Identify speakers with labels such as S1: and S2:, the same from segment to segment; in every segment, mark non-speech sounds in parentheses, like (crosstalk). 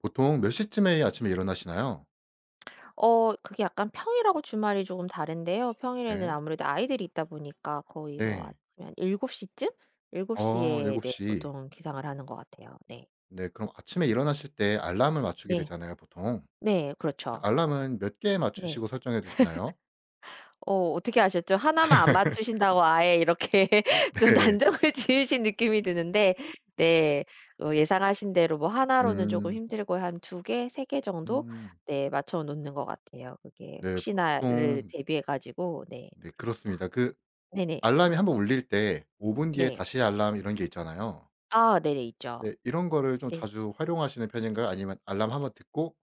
S1: 보통 몇 시쯤에 아침에 일어나시나요?
S2: (smacks lips) 어 그게 약간 평일하고 주말이 쪼금 다른데요. 평일에는
S1: 네.
S2: 아무래도 아이들이 있다 보니까 거의 뭐
S1: 네.
S2: 아침에 한 7:00 쯤? 일곱
S1: 아
S2: 시에
S1: 일곱
S2: 네
S1: 시.
S2: 보통은 기상을 하는 것 같아요 네.
S1: 네 그럼 아침에 일어나실 때 알람을 맞추게
S2: 네.
S1: 되잖아요 보통.
S2: 네
S1: 이
S2: 그렇죠.
S1: 알람은 몇 개
S2: 네.
S1: 맞추시고 설정해두시나요?
S2: (laughs) 어 어떻게 아셨죠? 1 만 안
S1: (laughs)
S2: 맞추신다고 아예 이렇게 좀
S1: 네.
S2: 단정을 지으신 느낌이 드는데 네 어 예상하신 대로 뭐 1 로는 쪼금
S1: 음.
S2: 힘들고 한 2 개 3 개 정도?
S1: 음.
S2: 네 맞춰 놓는 것 같아요. 그게
S1: 네
S2: 혹시나를
S1: 보통
S2: 대비해 가지고 네
S1: 네
S2: 그렇습니다.
S1: 그렇습니다. 그
S2: 네네.
S1: 알람이 한번 울릴 때 5 분 뒤에
S2: 네.
S1: 다시 알람 이런 게 있잖아요.
S2: 아 네네 있죠.
S1: 네 이런 거를 좀
S2: 네.
S1: 자주 활용하시는 편인가요? 아니면 알람 한번 듣고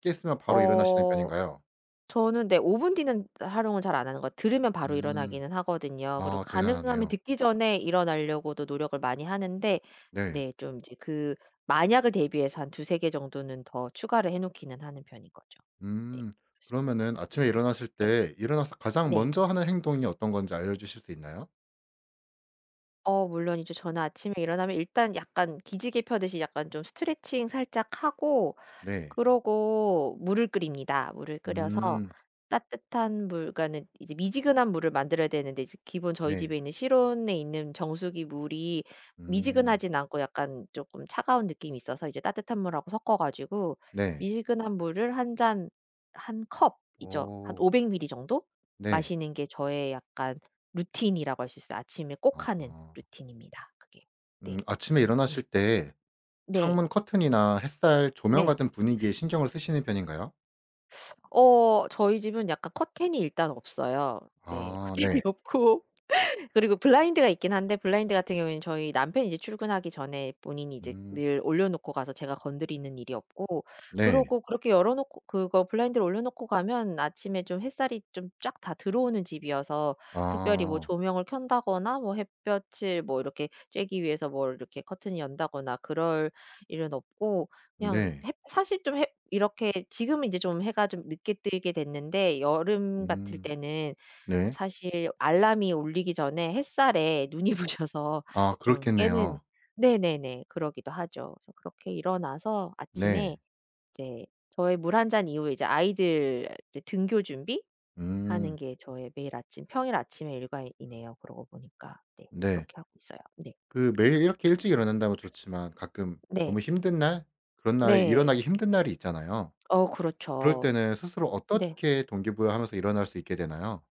S1: 깼으면 바로 일어나시는
S2: 어
S1: 편인가요?
S2: 저는 네 5 분 뒤는 활용을 잘 안 하는 거 들으면 바로
S1: 음.
S2: 일어나기는 하거든요. 그리고
S1: 아
S2: 가능하면
S1: 대단하네요
S2: 듣기 전에 일어나려고도 노력을 많이 하는데
S1: 네.
S2: 네 좀 이제 그 만약을 대비해서 한 2-3 개 정도는 더 추가를 해 놓기는 하는 편인 거죠. 네
S1: 음.
S2: 그렇습니다.
S1: 그러면은 아침에
S2: (laughs)
S1: 일어나실
S2: 네.
S1: 때 일어나서 가장
S2: 네.
S1: 먼저 하는 행동이 어떤 건지 알려주실 수 있나요?
S2: 어 물론 이제 저는 아침에 일어나면 일단 약간 기지개 펴듯이 약간 좀 스트레칭 살짝 하고
S1: 네.
S2: 그러고 물을 끓입니다. 물을 끓여서
S1: 음.
S2: 따뜻한 물 그러니까는 이제 미지근한 물을 만들어야 되는데 이제 기본 저희
S1: 네.
S2: 집에 있는 실온에 있는 정수기 물이
S1: 음.
S2: 미지근하지는 않고 약간 쪼끔 차가운 느낌이 있어서 이제 따뜻한 물 하고 섞어 가지고
S1: 네.
S2: 미지근한 물을 1 잔 1 컵이죠, 한
S1: 어.
S2: 500ml 정도?
S1: 네.
S2: 마시는 게 저의 약간 루틴이라고 할 수 있어요. 아침에 꼭 하는
S1: 아.
S2: 루틴입니다 그게.
S1: 음
S2: 네.
S1: 아침에
S2: 음.
S1: 일어나실 때
S2: 네.
S1: 창문커튼이나 햇살 조명
S2: 네.
S1: 같은 분위기에 신경을 쓰시는 편인가요?
S2: 어 저희 집은 약간 커튼이 일단 없어요. 네.
S1: 아 네.
S2: 커튼이 없고 그리고 블라인드가 있긴 한데 블라인드 같은 경우에는 저희 남편이 이제 출근하기 전에 본인이 이제
S1: 음.
S2: 늘 올려놓고 가서 제가 건드리는 일이 없고
S1: 네.
S2: 그러고 그렇게 열어 놓고 그거 블라인드를 올려놓고 가면 아침에 좀 햇살이 좀 쫙 다 들어오는 집이어서 특별히 뭐
S1: 아.
S2: 조명을 켠다거나 뭐 햇볕을 뭐 이렇게 쬐기 위해서 뭘 이렇게 커튼을 연다거나 그럴 일은 없고 그냥
S1: 네.
S2: 햇 사실 좀 햇 이렇게 지금은 이제 좀 해가 좀 늦게 뜨게 됐는데 여름 같을
S1: 음.
S2: 때는
S1: 네.
S2: 사실 알람이 울리기 전에 햇살에 눈이 부셔서
S1: 아
S2: 좀 깨는
S1: 그렇겠네요.
S2: 네네네 그러기도 하죠. 그래서 그렇게 일어나서
S1: 네.
S2: 아침에 이제 저의 물 1 잔 이후에 아이들 이제 등교 준비 하는
S1: 음.
S2: 게 저의 매일 아침 평일 아침에 일과이네요 그러고 보니까. 네.
S1: 네.
S2: 그렇게 하고 있어요. 네.
S1: 그 매일
S2: 그렇습니다.
S1: 이렇게 일찍 일어난다면 좋지만 가끔 너무
S2: 네.
S1: 힘든 날 그런 날에
S2: 네.
S1: 일어나기 힘든 날이 있잖아요.
S2: 어
S1: 그럴
S2: 그렇죠.
S1: 때는 스스로
S2: 네.
S1: 어떻게 동기부여하면서 일어날 수 있게 되나요?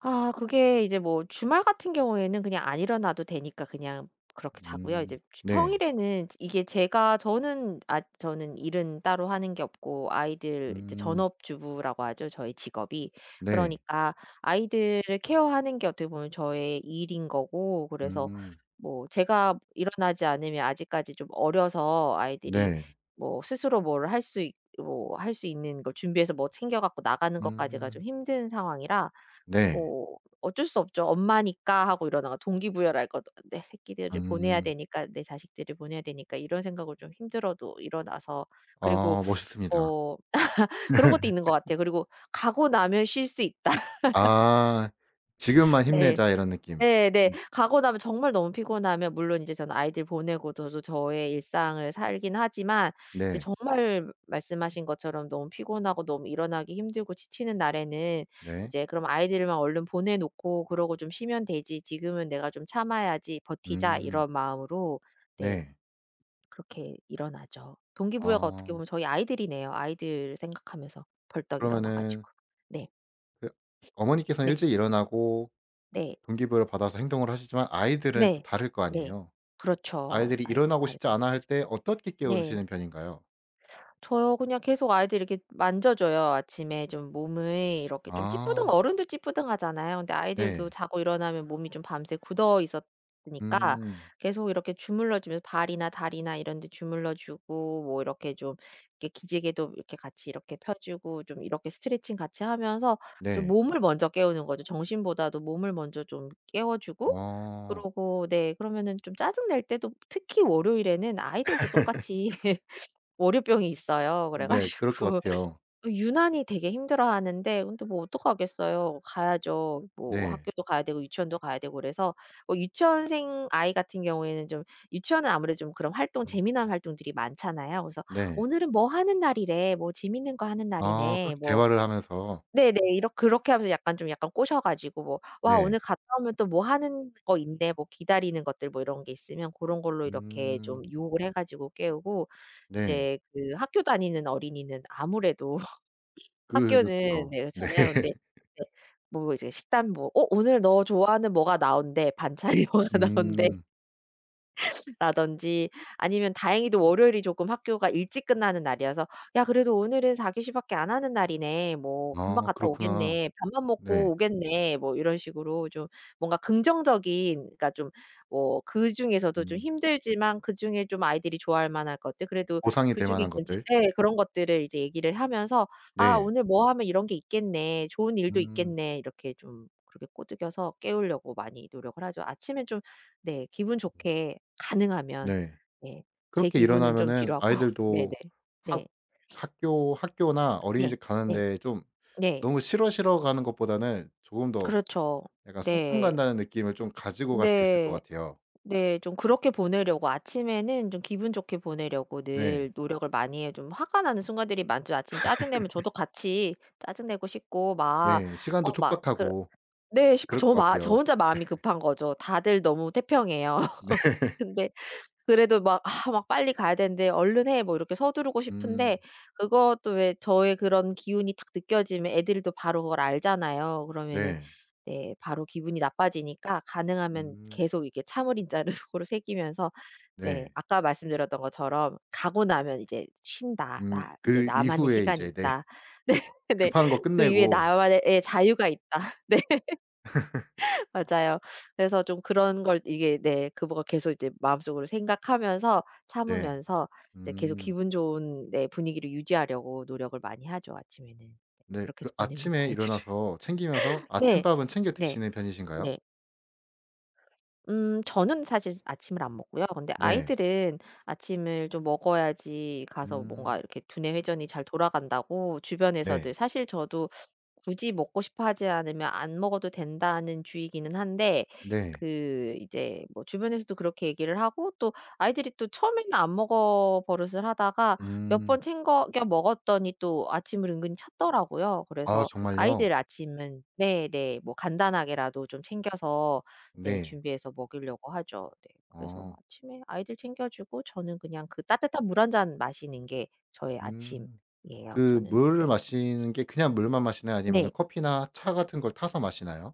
S2: 아 그게 이제 뭐 주말 같은 경우에는 그냥 안 일어나도 되니까 그냥 그렇게 자고요.
S1: 음.
S2: 이제 주
S1: 네.
S2: 평일에는 즈 이게 제가 저는 아 저는 일은 따로 하는 게 없고 아이들 이제
S1: 음.
S2: 전업주부라고 하죠 저의 직업이.
S1: 네.
S2: 그러니까 아이들을 케어하는 게 어떻게 보면 저의 일인 거고 그래서
S1: 음.
S2: 뭐 제가 일어나지 않으면 아직까지 좀 어려서 아이들이
S1: 네.
S2: 뭐 스스로 뭘 할 수 있 뭐 할 수 있는 걸 준비해서 뭐 챙겨 갖고 나가는 것까지가
S1: 음.
S2: 좀 힘든 상황이라
S1: 네.
S2: 뭐 어쩔 수 없죠. '엄마니까.' 하고 일어나 가 동기부여를 할 거 '내 새끼들을 보내야
S1: 음.
S2: 되니까 내 자식들을 보내야 되니까.' 이런 생각을 좀 힘들어도 일어나서 그리고
S1: 아 멋있습니다.
S2: 어 (laughs) 그런 것도 있는 것
S1: (laughs)
S2: 같아요. 그리고 '가고 나면 쉴 수 있다.' (laughs)
S1: 아. '지금만
S2: 네.
S1: 힘내자.' 이런 느낌
S2: 네네.
S1: 음.
S2: 가고 나면 정말 너무 피곤하면 물론 이제 저는 아이들 보내고 저도 저의 일상을 살긴 하지만 이제
S1: 네.
S2: 정말 말씀하신 것처럼 너무 피곤하고 너무 일어나기 힘들고 지치는 날에는
S1: 네.
S2: 이제 그럼 '아이들만 얼른 보내 놓고 그러고 좀 쉬면 되지. 지금은 내가 좀 참아야지 버티자.'
S1: 음.
S2: 이런 마음으로 네
S1: 네.
S2: 그렇게 일어나죠. 동기부여가 어떻게
S1: 어.
S2: 보면 저희 아이들이네요. 아이들 생각하면서 벌떡 일어나
S1: 그러면은
S2: 가지고. 네.
S1: 그 어머니께서
S2: 네.
S1: 일찍 일어나고
S2: 네.
S1: 동기부여를 받아서 행동을 하시지만 아이들은 또
S2: 네.
S1: 다를 거
S2: 네.
S1: 아니에요.
S2: 그렇죠.
S1: 아이들이
S2: 아이들은
S1: 일어나고 싶지
S2: 다르죠.
S1: 않아 할 때 어떻게
S2: 네.
S1: 깨우시는 편인가요?
S2: 저요 그냥 계속 아이들 이렇게 만져 줘요. 아침에 좀 몸을 이렇게 좀 찌뿌둥
S1: 아.
S2: 어른도 찌뿌둥 하잖아요. 근데 아이들도
S1: 네.
S2: 자고 일어나면 몸이 좀 밤새 굳어 있었으니까
S1: 음.
S2: 계속 이렇게 주물러 주며 발이나 다리나 이런 데 주물러 주고 뭐 이렇게 좀 이렇게 기지개도 이렇게 같이 이렇게 펴 주고 좀 이렇게 스트레칭 같이 하면서 좀
S1: 네.
S2: 몸을 먼저 깨우는 거죠. 정신보다도 몸을 먼저 좀 깨워 주고
S1: 어.
S2: 그러고 네 그러면은 좀 짜증 낼 때도 특히 월요일에는 아이들도 똑같이 (laughs) 월요병이 있어요. 그래
S1: 네 그럴 것
S2: 가지고
S1: 같아요.
S2: 유난히 되게 힘들어 하는데 근데 뭐 어떡하겠어요. 가야죠. 뭐
S1: 네.
S2: 학교도 가야 되고 유치원도 가야 되고 그래서 어 유치원생 아이 같은 경우에는 좀 유치원은 아무래도 좀 그런 활동
S1: 음.
S2: 재미난 활동들이 많잖아요. 그래서
S1: 네.
S2: "오늘은 뭐 하는 날이래. 뭐 재밌는 거 하는
S1: 아
S2: 날이네."
S1: 그렇게
S2: 뭐
S1: 대화를 하면서
S2: 네네 이렇 그렇게 하면서 약간 꼬셔 가지고 "와
S1: 네.
S2: 오늘 갔다 오면 또 뭐 하는 거 있네." 뭐 기다리는 것들 뭐 이런 게 있으면 고런 걸로 이렇게 좀
S1: 음.
S2: 유혹을 해 가지고 깨우고
S1: 네.
S2: 이제 그 학교 다니는 어린이는 아무래도 (laughs) 학교는
S1: 그렇죠.
S2: 네
S1: 네.
S2: 그렇잖아요. 근데
S1: (laughs)
S2: 이제 뭐 이제 식단 뭐 "어 오늘 너 좋아하는 뭐가 나온대. 반찬이 뭐가 나온대"
S1: 음.
S2: 라든지 아니면 다행히도 월요일이 조금 학교가 일찍 끝나는 날이어서 "야 그래도 오늘은 4 교시 밖에 안 하는 날이네. 뭐 금방
S1: 아
S2: 갔다
S1: 그렇구나
S2: 오겠네. 밥만 먹고
S1: 네.
S2: 오겠네." 뭐 이런 식으로 좀 뭔가 긍정적인 그니까 좀 뭐 그중에서도 좀
S1: 음.
S2: 힘들지만 그중에 좀 아이들이 좋아할만한 것들. 그래도
S1: 보상이 될
S2: 그중에
S1: 만한 것들.
S2: 괜찮 예. 그런 것들을 이제 얘기를 하면서 "아
S1: 네.
S2: 오늘 뭐 하면 이런 게 있겠네. 좋은 일도
S1: 음.
S2: 있겠네." 이렇게 좀 그렇게 꼬드겨서 깨우려고 많이 노력을 하죠. 아침에 좀 네 기분 좋게 가능하면
S1: 네
S2: 예. 제
S1: 그렇게
S2: 기분은 좀
S1: 일어나면은
S2: 뒤로 하고. 네네.
S1: 아이들도 학
S2: 네. (sniffs)
S1: 학교 학교나
S2: 네.
S1: 어린이집
S2: 네.
S1: 가는데 좀
S2: 네.
S1: 너무 "싫어, 싫어." 가는 것보다는 조금 더
S2: 그렇죠
S1: 약간 소풍
S2: 네.
S1: 간다는 느낌을 좀 가지고 갈 수 있을 것
S2: 네
S1: 같아요.
S2: 네. 좀 그렇게 보내려고 아침에는 좀 기분 좋게 보내려고
S1: 네.
S2: 늘 노력을 많이 해요. 좀 화가 나는 순간들이 많죠. 아침 짜증 내면 저도 같이 짜증 내고 싶고 막
S1: 네 시간도
S2: 어 막 그
S1: 촉박하고
S2: 네 싶고
S1: 그럴
S2: 저
S1: 것
S2: 마 저
S1: 같아요.
S2: 혼자 마음이
S1: (laughs)
S2: 급한 거죠. 다들 너무 태평해요. (laughs)
S1: 네.
S2: 근데 그래도 막 아 막 빨리 가야 되는데 "얼른 해." 뭐 이렇게 서두르고
S1: 음.
S2: 싶은데 그것도 왜 저의 그런 기운이 딱 느껴지면 애들도 바로 뭘 알잖아요. 그러면은
S1: 네.
S2: 네 바로 기분이 나빠지니까 가능하면
S1: 음.
S2: 계속 이렇게 참을 인자를 속으로 새기면서 네
S1: 네.
S2: 아까 말씀드렸던 것처럼 '가고 나면 이제 쉰다.
S1: 음
S2: 나 이제
S1: 그
S2: 나만의
S1: 이후에
S2: 시간이
S1: 이제 네
S2: 있다.' 네네
S1: 급한 것
S2: '그 위에
S1: 끝내고
S2: 나만의 예 자유가 있다.' 네. (laughs) 맞아요. 그래서 좀 그런 걸 이게 네 그 뭐 계속 이제 마음속으로 생각하면서
S1: 네.
S2: 참으면서 이제 계속
S1: 음.
S2: 기분 좋은 네 분위기를 유지하려고 노력을 많이 하죠 아침에는. 네
S1: 네
S2: 그렇게
S1: 그
S2: 해서 보냅니다
S1: 아침에
S2: 애들을.
S1: 일어나서 챙기면서
S2: 네.
S1: 아침밥은 챙겨
S2: 네.
S1: 드시는 편이신가요?
S2: 네. 음 저는 사실 아침을 안 먹고요. 근데
S1: 네.
S2: 아이들은 아침을 좀 먹어야지 가서 뭔가
S1: 음.
S2: 이렇게 두뇌 회전이 잘 돌아간다고
S1: 네.
S2: 주변에서들 사실 저도 굳이 먹고 싶어 하지 않으면 안 먹어도 된다는 주의기는 한데
S1: 네.
S2: 그 이제 뭐 주변에서도 그렇게 얘기를 하고 또 아이들이 또 처음에는 안 먹어 버릇을 하다가 몇
S1: 음.
S2: 번 챙거 겨 먹었더니 또 아침을 은근 찾더라고요.
S1: 아
S2: 그래서
S1: 정말요?
S2: 아이들 아침은 네네 뭐 간단하게라도 좀 챙겨서 네
S1: 네.
S2: 준비해서 먹이려고 하죠. 네 그래서
S1: 어.
S2: 아침에 아이들 챙겨 주고 저는 그냥 그 따뜻한 물 1 잔 마시는 게 저의
S1: 음
S2: 아침이에요
S1: 그
S2: 저는.
S1: 물을
S2: 네.
S1: 마시는게 그냥 물만 마시나요? 아니면
S2: 네.
S1: 커피나 차 같은 걸 타서 마시나요?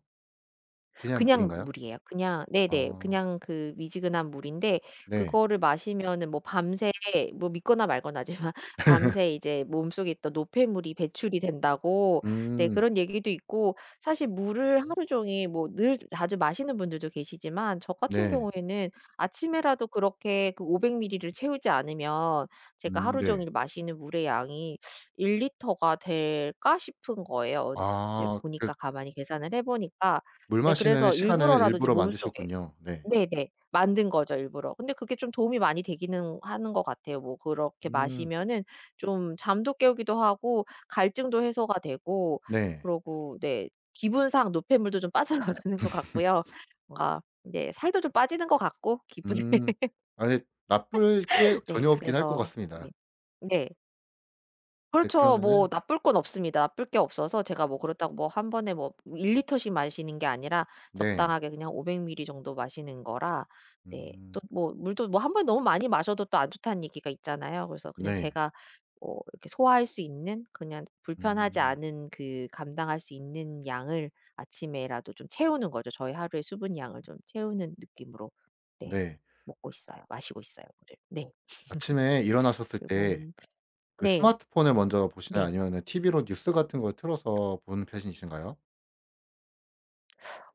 S1: 그냥
S2: 그냥
S1: 물인가요?
S2: 물이에요. 그냥 네네
S1: 아.
S2: 그냥 그 미지근한 물인데
S1: 네.
S2: 그거를 마시면은 뭐 밤새 뭐 믿거나 말거나지만 밤새 이제 몸속에 있던 노폐물이 배출이 된다고 네
S1: 음.
S2: 그런 얘기도 있고 사실 물을 하루 종일 뭐 늘 자주 마시는 분들도 계시지만 저 같은
S1: 네.
S2: 경우에는 아침에라도 그렇게 그 500 미리를 채우지 않으면 '제가
S1: 음
S2: 하루
S1: 네.
S2: 종일 마시는 물의 양이 1 리터가 될까?' 싶은 거예요. 어 이제
S1: 아 그
S2: 보니까 가만히 계산을 해 보니까.
S1: 물
S2: 네
S1: 마시는
S2: 그래서
S1: 시간을
S2: 일부러라도 좀
S1: 일부러
S2: 몸속에
S1: 만드셨군요 네.
S2: 네네 만든 거죠 일부러. 근데 그게 좀 도움이 많이 되기는 하는 것 같아요. 뭐 그렇게
S1: 음.
S2: 마시면은 좀 잠도 깨우기도 하고 갈증도 해소가 되고
S1: 네.
S2: 그러고 네 기분상 노폐물도 좀 빠져나가는 것 같고요. 뭔가 인제 살도 좀 빠지는 것 같고 기분에.
S1: 음
S2: (laughs)
S1: 아직 나쁠 게
S2: 네
S1: 전혀 없긴 할 것
S2: 그래서
S1: 같습니다.
S2: 네 네.
S1: 네
S2: 그렇죠. 뭐
S1: 그러면은
S2: 나쁠 건 없습니다. 나쁠 게 없어서 제가 뭐 그렇다고 뭐 1 번에 뭐 1 리터씩 마시는 게 아니라
S1: 네.
S2: 적당하게 그냥 500 밀리 정도 마시는 거라 네
S1: 음.
S2: 또 뭐 물도 뭐 1 번에 너무 많이 마셔도 또 안 좋다는 얘기가 있잖아요. 그래서 그냥
S1: 네.
S2: 제가 어 그렇게 소화할 수 있는 그냥 불편하지
S1: 음.
S2: 않은 그 감당할 수 있는 양을 아침에라도 좀 채우는 거죠. 저희 하루의 수분 양을 좀 채우는 느낌으로 네
S1: 네.
S2: 먹고 있어요. 마시고 있어요 물을. (laughs) 네.
S1: 아침에 일어나셨을 때
S2: 그리곤
S1: 그
S2: 네.
S1: 스마트폰을 먼저 보시나요?
S2: 네.
S1: 아니면 그냥 TV로 뉴스 같은 걸 틀어서 보는 편이신가요?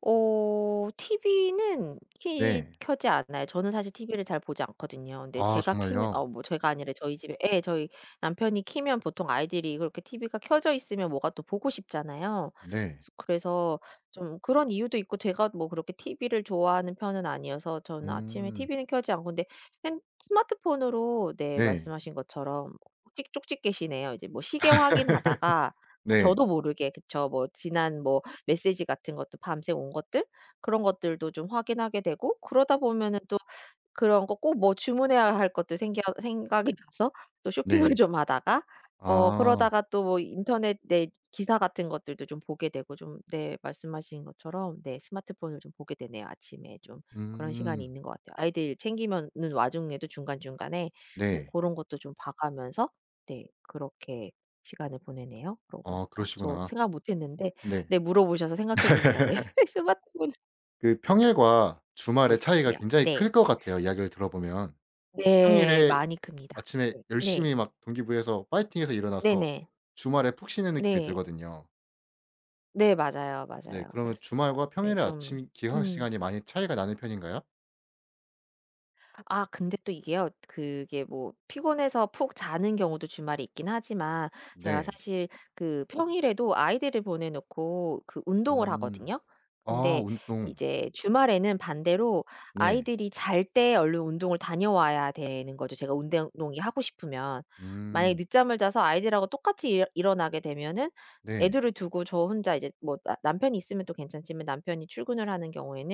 S2: 어. 티비는 키
S1: 네.
S2: 켜지 않아요. 저는 사실 티비를 잘 보지 않거든요. 근데
S1: 아.
S2: 제가 켜는
S1: 정말요?
S2: 어 뭐 제가 아니라 저희 집에 예 저희 남편이 켜면 보통 아이들이 이걸 이렇게 티비가 켜져 있으면 뭐가 또 보고 싶잖아요.
S1: 네.
S2: 그래서 좀 그런 이유도 있고 제가 뭐 그렇게 티비를 좋아하는 편은 아니어서 저는 아침에
S1: 음.
S2: 티비는 켜지 않고 근데 생 스마트폰으로 네
S1: 네.
S2: 말씀하신 것처럼 뭐 찍 쪽집게시네요. 뭐 이제 시계
S1: (laughs)
S2: 확인하다가 아
S1: 네.
S2: 저도 모르게 그쵸 지난 뭐 메시지 같은 것도 밤새 온 것들 그런 것들도 좀 확인하게 되고 그러다 보면은 또 그런 거 꼭 뭐 주문해야 할 것도 생겨 생각이 나서 또 쇼핑을
S1: 네.
S2: 좀 하다가 어
S1: 아.
S2: 그러다가 또 인터넷 네 기사 같은 것들도 좀 보게 되고 네 좀 말씀하신 것처럼 네 스마트폰을 좀 보게 되네요. 아침에 좀 그런 시간이
S1: 음.
S2: 있는 것 같아요. 아이들 챙기면은 와중에도 중간중간에 뭐
S1: 네.
S2: 그런 것도 좀 봐 가면서 네 그렇게 시간을 보내네요 그러고
S1: 어.
S2: 보니까. 저
S1: 그러시구나.
S2: 생각 못 했는데
S1: 네.
S2: 네 물어보셔서 생각해 보니까 네
S1: (laughs)
S2: 스마트폰을
S1: 그
S2: (laughs)
S1: 평일과
S2: 보고
S1: 주말에 차이가
S2: 있었군요.
S1: 굉장히
S2: 네.
S1: 클 것 같아요 이야기를 들어 보면.
S2: 네.
S1: 평일에
S2: 많이 큽니다.
S1: 아침에
S2: 예 네.
S1: 열심히 막 동기부여해서 화이팅해서 일어나서
S2: 네네.
S1: 주말에 푹 쉬는 느낌이
S2: 네.
S1: 들거든요.
S2: 네 맞아요,
S1: 네
S2: 맞아요.
S1: 그러면
S2: 그렇습니다.
S1: 주말과
S2: 네
S1: 평일에
S2: 좀
S1: 아침 기상
S2: 음.
S1: 시간이 많이 차이가 나는 편인가요?
S2: 아 근데 또 이게요. 그게 뭐 피곤해서 푹 자는 경우도 주말에 있긴 하지만 제가
S1: 네.
S2: 사실 그 평일에도 아이들을 보내 놓고 그 운동을
S1: 음
S2: 하거든요.
S1: 아
S2: 근데
S1: 운동.
S2: 이제 주말에는 반대로
S1: 네.
S2: 아이들이 잘 때 얼른 운동을 다녀와야 되는 거죠 제가 운댕 운동이 하고 싶으면. 만약에
S1: 음.
S2: 늦잠을 자서 아이들하고 똑같이 일 일어나게 되면은
S1: 네.
S2: 애들을 두고 저 혼자 이제 뭐 나 남편이 있으면 또 괜찮지만 남편이 출근을 하는 경우에는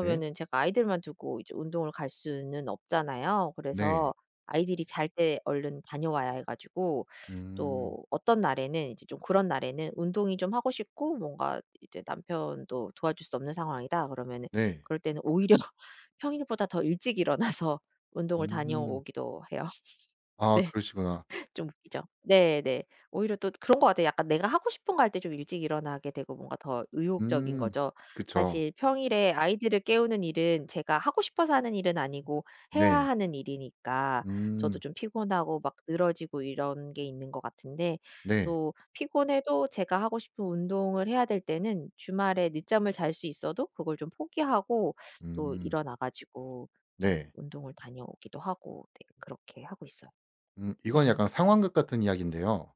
S1: 네.
S2: 제가 아이들만 두고 이제 운동을 갈 수는 없잖아요.
S1: 네.
S2: 그래서 아이들이 잘 때 얼른 다녀와야 해 가지고
S1: 음.
S2: 또 어떤 날에는 이제 좀 그런 날에는 '운동이 좀 하고 싶고 뭔가 이제 남편도 도와줄 수 없는 상황이다.' 그러면은
S1: 네.
S2: 그럴 때는 오히려 평일보다 더 일찍 일어나서 운동을
S1: 음.
S2: 다녀오기도 해요. (laughs)
S1: 아
S2: 네.
S1: 그러시구나.
S2: 좀 웃기죠. 네 네. 오히려 또 그런 것 같아요. 약간 내가 하고 싶은 거 할 때 좀 일찍 일어나게 되고 뭔가 더 의욕적인
S1: 음
S2: 거죠.
S1: 그쵸.
S2: 사실 평일에 아이들을 깨우는 일은 제가 하고 싶어서 하는 일은 아니고 해야
S1: 네.
S2: 하는 일이니까 저도
S1: 음.
S2: 좀 피곤하고 막 늘어지고 이런 게 있는 것 같은데
S1: 네.
S2: 또 피곤해도 제가 하고 싶은 운동을 해야 될 때는 주말에 늦잠을 잘 수 있어도 그걸 좀 포기하고 또
S1: 음.
S2: 일어나 가지고 네
S1: 네.
S2: 운동을 다녀오기도 하고 네 그렇게 하고 있어요.
S1: 음 이건 약간
S2: (laughs)
S1: 상황극 같은 이야기인데요.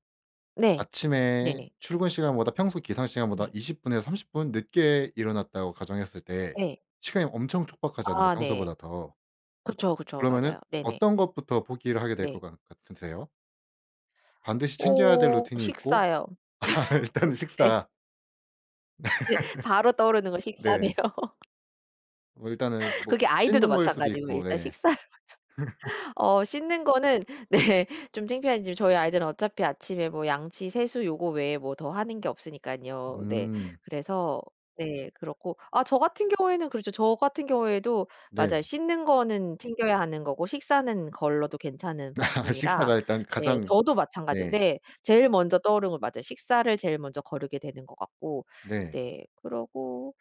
S2: 네.
S1: 아침에
S2: 네네.
S1: 출근 시간보다 평소 기상 시간보다
S2: 네.
S1: 20 분에서 30 분 늦게 일어났다고 가정했을 때
S2: 예.
S1: 시간이 엄청 촉박하잖아요
S2: 아 네.
S1: 평소보다 더.
S2: 그렇죠, 그렇죠.
S1: 그러면은
S2: 맞아요. 네네.
S1: 어떤 것부터 포기를 하게 될 것
S2: 네.
S1: 간 같으세요? 반드시 챙겨야 될
S2: 오
S1: 루틴이 있고
S2: 식사요.
S1: (laughs) 일단은
S2: (laughs) 네.
S1: 식사. 네
S2: 네 바로 떠오르는 거 식사네요.
S1: 네. 뭐 일단은 뭐
S2: 그게 아이들도
S1: 씻는 걸 수도
S2: 마찬가지고요.
S1: 있고
S2: 일단
S1: 네.
S2: 식사를
S1: (laughs)
S2: 먼저 어 씻는 거는 네 좀 창피하지만 저희 아이들은 어차피 아침에 뭐 양치, 세수 요거 외에 뭐 더 하는 게 없으니깐요. 네.
S1: 음.
S2: 그래서 네 그렇고 아 저 같은 경우에는 그렇죠. 저 같은 경우에도
S1: 네.
S2: 맞아요. 씻는 거는 챙겨야 하는 거고 식사는 걸러도 괜찮은
S1: (laughs)
S2: 부분이라
S1: 식사가 일단
S2: 네
S1: 가장
S2: 저도 마찬가지고
S1: 네.
S2: 네 제일 먼저 떠오르는 거 맞아요. 식사를 제일 먼저 거르게 되는 거 같고
S1: 네.
S2: 네 그러고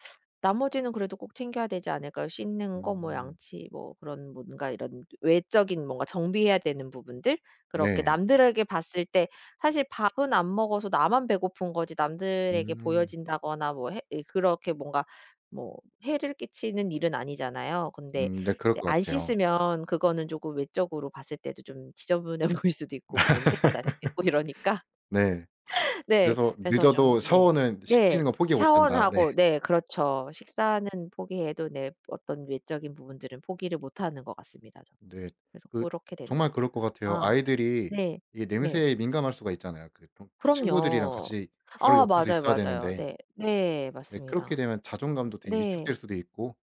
S2: 나머지는 그래도 꼭 챙겨야 되지 않을까요. 씻는 거 뭐
S1: 음.
S2: 양치 뭐 그런 뭔가 이런 외적인 뭔가 정비해야 되는 부분들. 그렇게
S1: 네.
S2: 남들에게 봤을 때 사실 밥은 안 먹어서 나만 배고픈 거지 남들에게
S1: 음.
S2: 보여진다거나 뭐 해 예 그렇게 뭔가 뭐 해를 끼치는 일은 아니잖아요. 근데
S1: 음 네 그럴
S2: 인제
S1: 것
S2: 안
S1: 같아요.
S2: 씻으면 그거는 쪼금 외적으로 봤을 때도 좀 지저분해 보일 수도 있고 뭐 냄새가 날 수도 있고 이러니까
S1: (laughs) 네.
S2: (laughs) 네
S1: 그래서
S2: 그래서 좀
S1: 늦어도
S2: 네.
S1: 샤워는
S2: 네
S1: 씻기는 건 포기 못
S2: 샤워는
S1: 한다. 네.
S2: 하고 네 그렇죠. 식사는 포기해도 네 어떤 외적인 부분들은 포기를 못 하는 것 같습니다 전.
S1: 네
S2: 그래서
S1: 그
S2: 고렇게 되는 것
S1: 정말
S2: 같아요.
S1: 그럴 것 같아요.
S2: 아.
S1: 아이들이
S2: 네.
S1: 이게
S2: 네.
S1: 냄새에 민감할 수가 있잖아요. 그 통 친구들이랑
S2: 그럼요.
S1: 같이 바로
S2: 아
S1: 옆에서
S2: 맞아요,
S1: 있어야
S2: 맞아요.
S1: 되는데.
S2: 네. 네
S1: 네 그렇게
S2: 맞습니다.
S1: 되면 자존감도 되게
S2: 네.
S1: 위축될 수도 있고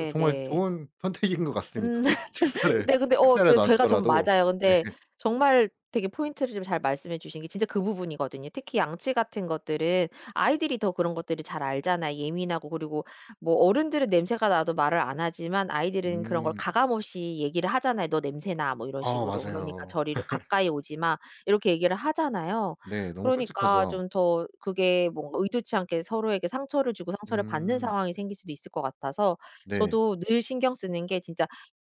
S1: 어 정말
S2: 네.
S1: 좋은 선택인 것 같습니다.
S2: 음 (laughs)
S1: 식사를,
S2: 네 근데 어
S1: 식사를
S2: 저
S1: 놔
S2: 제가 좀
S1: 주더라도
S2: 맞아요.
S1: 네.
S2: 근데 정말 되게 포인트를 좀 잘 말씀해 주신 게 진짜 그 부분이거든요. 특히 양치 같은 것들은 아이들이 더 그런 것들을 잘 알잖아요. 예민하고 그리고 뭐 어른들은 냄새가 나도 말을 안 하지만 아이들은 그런 걸
S1: 음.
S2: 가감 없이 얘기를 하잖아요. "너 냄새나." 뭐 이런
S1: 아
S2: 식으로. 그러니까
S1: 맞아요.
S2: 저리로
S1: (laughs)
S2: "가까이 오지마." 이렇게 얘기를 하잖아요.
S1: 네. 너무
S2: 그러니까
S1: 솔직하죠.
S2: 좀 더 그게 뭔가 의도치 않게 서로에게 상처를 주고 상처를 받는
S1: 음.
S2: 상황이 생길 수도 있을 것 같아서
S1: 네.
S2: 저도 늘 신경 쓰는 게 진짜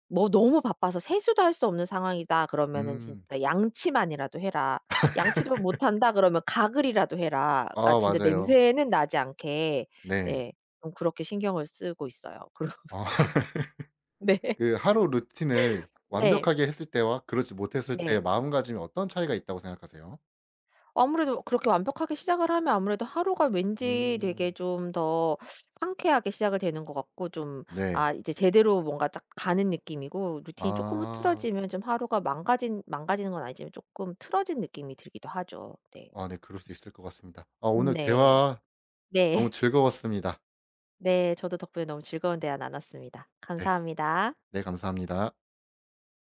S2: 뭐 너무 바빠서 세수도 할 수 없는 상황이다 그러면은
S1: 음.
S2: 진짜 "양치만이라도 해라." 양치도 못 한다 그러면 "가글이라도 해라." 그니까
S1: 아
S2: 진짜
S1: 맞아요.
S2: 냄새는 나지 않게.
S1: 네.
S2: 네. 좀 그렇게 신경을 쓰고 있어요. 그러고
S1: 아
S2: 네.
S1: (laughs)
S2: 네.
S1: 그 하루 루틴을
S2: 네.
S1: 완벽하게 했을 때와 그렇지 못했을 때
S2: 네.
S1: 마음가짐이 어떤 차이가 있다고 생각하세요?
S2: 아무래도 그렇게 완벽하게 시작을 하면 아무래도 하루가 왠지 되게
S1: 음.
S2: 좀 더 상쾌하게 시작이 되는 것 같고 좀
S1: 네.
S2: 아 이제 제대로 뭔가 딱 가는 느낌이고 루틴이 쪼끔
S1: 아.
S2: 흐트러지면 좀 하루가 망가진 망가지는 건 아니지만 쪼끔 틀어진 느낌이 들기도 하죠. 네.
S1: 아 네 그럴 수
S2: 그렇습
S1: 있을 것 같습니다. 아
S2: 음
S1: 오늘
S2: 네.
S1: 대화 너무
S2: 네.
S1: 즐거웠습니다.
S2: 네 저도 덕분에 너무 즐거운 대화 나눴습니다.
S1: 네.
S2: 감사합니다.
S1: 네 감사합니다.